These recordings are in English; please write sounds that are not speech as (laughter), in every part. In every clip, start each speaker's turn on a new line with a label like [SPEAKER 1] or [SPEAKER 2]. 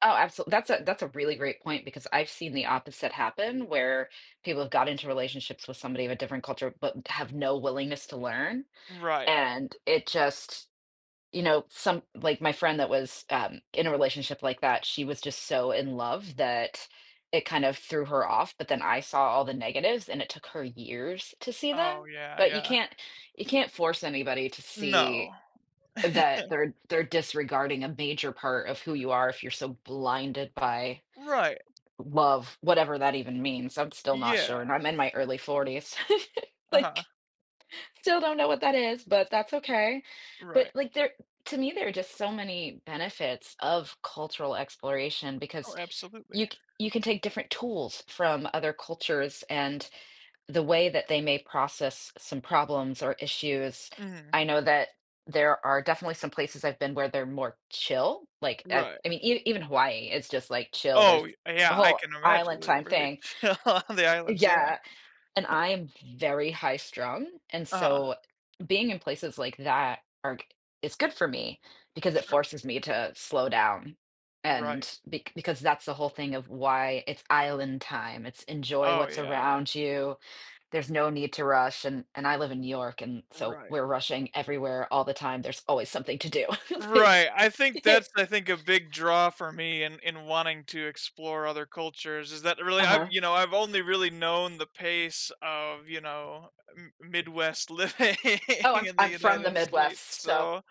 [SPEAKER 1] Oh, absol that's a that's a really great point, because I've seen the opposite happen, where people have got into relationships with somebody of a different culture, but have no willingness to learn,
[SPEAKER 2] Right.
[SPEAKER 1] and it just you know, some like, my friend that was, um, in a relationship like that, she was just so in love, that it kind of threw her off, but then I saw all the negatives, and it took her years to see
[SPEAKER 2] Oh,
[SPEAKER 1] them.
[SPEAKER 2] yeah
[SPEAKER 1] But you
[SPEAKER 2] yeah.
[SPEAKER 1] can't you can't force anybody to
[SPEAKER 2] No.
[SPEAKER 1] see that
[SPEAKER 2] (chuckles)
[SPEAKER 1] they're they're disregarding a major part of who you are if you're so blinded by
[SPEAKER 2] Right.
[SPEAKER 1] love, whatever that even means, I'm still not sure,
[SPEAKER 2] Yeah.
[SPEAKER 1] and I'm in my early 40s. (chuckles)
[SPEAKER 2] Uh-huh.
[SPEAKER 1] like, still don't know what that is, but that's okay. But,
[SPEAKER 2] Right.
[SPEAKER 1] like, there to me, there are just so many benefits of cultural exploration because
[SPEAKER 2] Oh, absolutely.
[SPEAKER 1] you c you can take different tools from other cultures, and the way that they may process some problems or issues.
[SPEAKER 2] Mhm.
[SPEAKER 1] I know that there are definitely some places I've been where they're more chill, like uh,
[SPEAKER 2] Right.
[SPEAKER 1] I mean, even Hawaii, it's just, like, chill, there's
[SPEAKER 2] Oh,
[SPEAKER 1] a
[SPEAKER 2] yeah, I
[SPEAKER 1] whole
[SPEAKER 2] can imagine
[SPEAKER 1] island
[SPEAKER 2] they're
[SPEAKER 1] time
[SPEAKER 2] very
[SPEAKER 1] thing.
[SPEAKER 2] chill on the islands, yeah. (chuckles)
[SPEAKER 1] Yeah, and I'm very high strung, and
[SPEAKER 2] Uh-huh.
[SPEAKER 1] so, being in places like that are go is good for me, because it
[SPEAKER 2] Sure.
[SPEAKER 1] forces me to slow down,
[SPEAKER 2] Right.
[SPEAKER 1] and be because that's the whole thing of why it's island time, it's enjoy
[SPEAKER 2] Oh
[SPEAKER 1] what's
[SPEAKER 2] yeah yeah.
[SPEAKER 1] around you. There's no need to rush, and and I live in New York, and so
[SPEAKER 2] Right.
[SPEAKER 1] we're rushing everywhere all the time, there's always something to do, like
[SPEAKER 2] Right, I think that's
[SPEAKER 1] (laughs)
[SPEAKER 2] I think a big draw for me in in wanting to explore other cultures is that really I've
[SPEAKER 1] Uh-huh.
[SPEAKER 2] you know, I've only really known the pace of, you know, M Midwest living
[SPEAKER 1] Oh, I'm
[SPEAKER 2] in the
[SPEAKER 1] I'm from the
[SPEAKER 2] United States,
[SPEAKER 1] Midwest, so
[SPEAKER 2] so,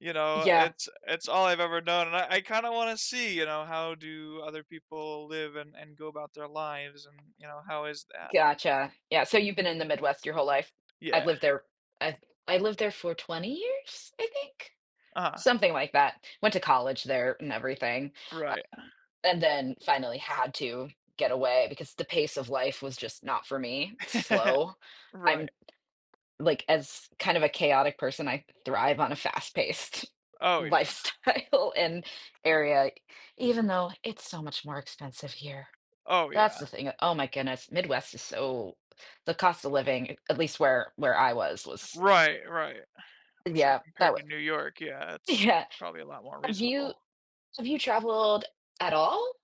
[SPEAKER 2] you know,
[SPEAKER 1] yeah.
[SPEAKER 2] it's it's all I've ever known and I I kinda wanna see, you know, how do other people live and and go about their lives and, you know, how is that?
[SPEAKER 1] Gotcha, yeah, so, you've been in the Midwest your whole life? I've
[SPEAKER 2] Yeah.
[SPEAKER 1] lived there I've I lived there for 20 years, I think
[SPEAKER 2] Ah.
[SPEAKER 1] something like that, went to college there and everything, um,
[SPEAKER 2] Right.
[SPEAKER 1] and then finally had to get away because the pace of life was just not for me,
[SPEAKER 2] (chuckles)
[SPEAKER 1] slow. I'm
[SPEAKER 2] Right.
[SPEAKER 1] like, as kind of a chaotic person, I thrive on a fast-paced
[SPEAKER 2] Oh yeah.
[SPEAKER 1] lifestyle and area, even though it's so much more expensive here.
[SPEAKER 2] Oh
[SPEAKER 1] That's
[SPEAKER 2] yeah.
[SPEAKER 1] the thing oh my goodness, Midwest is so the cost of living, at least where where I was was
[SPEAKER 2] Right right. I'm sure
[SPEAKER 1] Yeah, that
[SPEAKER 2] compared
[SPEAKER 1] w
[SPEAKER 2] to New York, yeah, it's
[SPEAKER 1] Yeah.
[SPEAKER 2] it's probably a lot more
[SPEAKER 1] Have you
[SPEAKER 2] reasonable.
[SPEAKER 1] have you traveled at all?